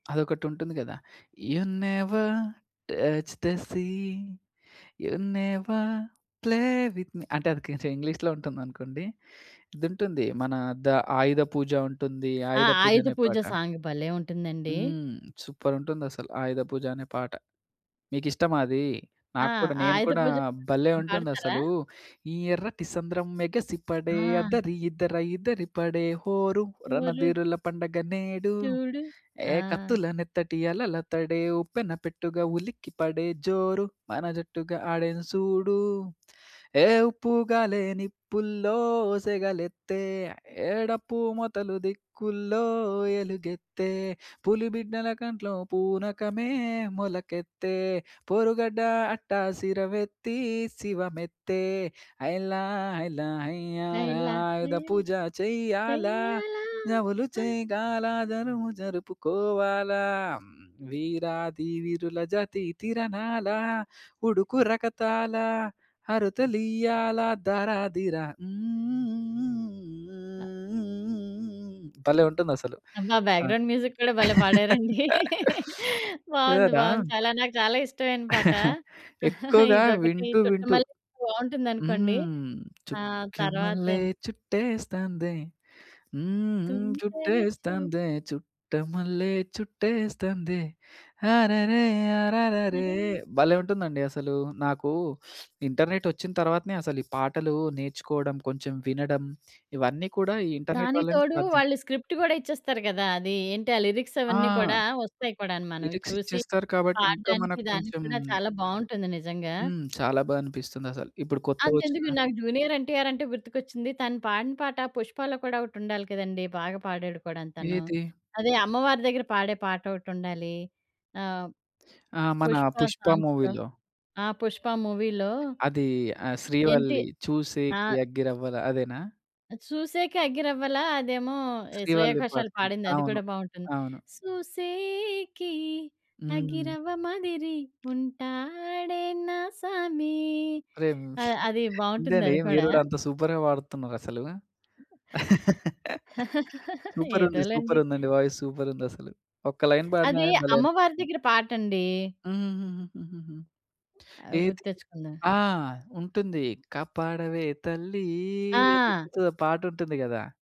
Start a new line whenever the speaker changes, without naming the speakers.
అదొకటి ఉంటుంది కదా! 'You never touch the sea, you never play with me' అంటే అది కొంచెం ఇంగ్లీషులో ఉంటుందనుకోండి.ఇదుంటుంది మన ద ఆయుధ పూజ ఉంటుంది.
ఆ!'
ఆయుధ పూజ
ఆయుధ
అనే
పూజ'
పాట.
సాంగ్ భలే! ఉంటుందండి.
హ్మ్. సూపర్ ఉంటుందసలు! ఆయుధ పూజ అనే పాట. మీకిష్టమా అది?
ఆ!
నాకు కూడా. నేను
'ఆయుధ
కూడా
పూజ' పాట
భలే!
ఇష్టం పాడతారా?
ఉంటుందసలూ. ఈ ఎర్రటి సంద్రం మెగసిపడే
ఆ!
అద్దరి, ఇద్దర ఇద్దిరిపడే హోరు,
ఎవరు?
రణధీరుల పండగ నేడు,
చూడు.
హే!
ఆ!
కత్తుల నెత్తటి అలల తడే ఉప్పెన పెట్టుగా, ఉలికిపడే జోరు, మన జట్టుగా ఆడెను సూడు! హే! ఉప్పుగాలే నిప్పుల్లో సెగలెత్తే, హే! డప్పు మొతల దిక్కుల్లో ఎలుగెత్తే, పులి బిడ్డల కంట్లో పూనకమే మొలకెత్తే, పొరుగడ్డ అట్టసిరమెత్తి, శివమెత్తే. హైలా హైల హైయ్యాల
హైలా, ఏ
ఆయుధ పూజ చెయ్యాలా,
చెయ్యాలా
జములు
ఆ!
చేయగాల జరువు జరుపుకోవాల, వీరాది వీరుల జాతి తిరణాల, ఉడుకు రకతాల, అరుతలియాల ధారా ధీరా హ్మ్ హ్మ్. హ్మ్ హ్మ్ హ్మ్ హ్మ్ హ్మ్ హ్మ్ భలే! ఉంటుందసలు
అబ్బా!
సాంగ్.
బ్యాక్‌గ్రౌండ్ మ్యూజిక్ కూడా భలే! పాడారండి. బావుంది.
స్యూరా?
బావుంది. చాలా నాకు చాలా ఇష్టమైన పాట
ఎక్కువగా
ఇదొకటి
వింటూ వింటూ
'చుట్టమల్లే' బావుంటుందనుకోండి
హ్మ్.
ఆహ్,
'చుట్టమల్లే
తరువాతేం
చుట్టేస్తాందే, హ్మ్ హ్మ్.
తుంటరి చూప్
చుట్టేస్తాందే చుట్టమల్లే చుట్టేస్తాందే అరెరె అరరెరే'
సరే
భలే ఉంటుందండి అసలు. నాకూ ఇంటర్నెట్ వచ్చిన తర్వాతనే అసలు ఈ పాటలు నేర్చుకోడం, కొంచెం వినడం, ఇవన్నీ కూడా ఈ ఇంటర్నెట్
దానికి
వల్లనే
తోడు
సాధ్యం.
వాళ్ళు స్క్రిప్ట్ గూడా ఇచ్చేస్తారు కదా! అది ఏంటి? ఆ లిరిక్స్
ఆ!
అవన్నీ కూడా వస్తాయి కూడాను మనమవి
లిరిక్స్
చూసి,
ఇచ్చేస్తారు కాబట్టి, ఇంకా
పాడడానికి
మనకు
దానికి
కొంచెం
కూడా చాలా బావుంటుంది నిజంగా.
హ్మ్. చాలా బా అనిపిస్తుంది అసలు. ఇప్పుడు
అంతెందుకు,
కొత్తగొచ్చిన
నాకు 'జూనియర్ ఎన్‌టిఆర్' అంటే గుర్తుకొచ్చింది. తను పాడిన పాట 'పుష్పాలో' కూడా ఒకటుండాలి కదండీ! బాగా పాడాడు కూడాను తను,
ఏది?
అదే అమ్మవారి దగ్గర పాడే పాట ఒకటుండాలి. ఆహ్,
ఆ! మన
'పుష్ప'
'పుష్ప'
సాంగ్స్‌లో
మూవీలో.
ఆ! 'పుష్ప' మూవీలో
అదీ ఆహ్,
ఏంటి?
శ్రీవల్లి చూసేకి
ఆహ్
అగ్గిరవ్వల అదేనా?
'చూసేకె అగ్గిరవ్వల' అదేమో ఏహ్,
శ్రీవల్లి
శ్రేయాఘోషలు
పాడుతుంది.
పాడిందది
అవును.
కూడా బాగుంటుంది.
అవును.
'సూసేకి
హ్మ్.
అగ్గిరవ్వ మాదిరి ఉంటాడే నా సామి'
అరే మ్
అ అది బావుంటుంది
ఏందండి?
అది
మీరు
కూడా.
గూడా అంత సూపర్‌గా పాడుతున్నారసలు. సూపరుంది.
ఎదోలెండి.
సూపరుందండి వాయిస్ సూపరుందసలు. ఒక్క లైన్ పాడిన
అది
గాని భలే!
అమ్మవారి
అనిపిస్తుంది.
దగ్గర పాటండి.
హుహుహుహుహుహు!
ఆ!
ఏది?
గుర్తెచ్చుకుందాం.
ఆ! ఉంటుంది. కాపాడవే తల్లీ,
ఆ!
నిప్పుతో ఆ పాటుంటుంది కదా!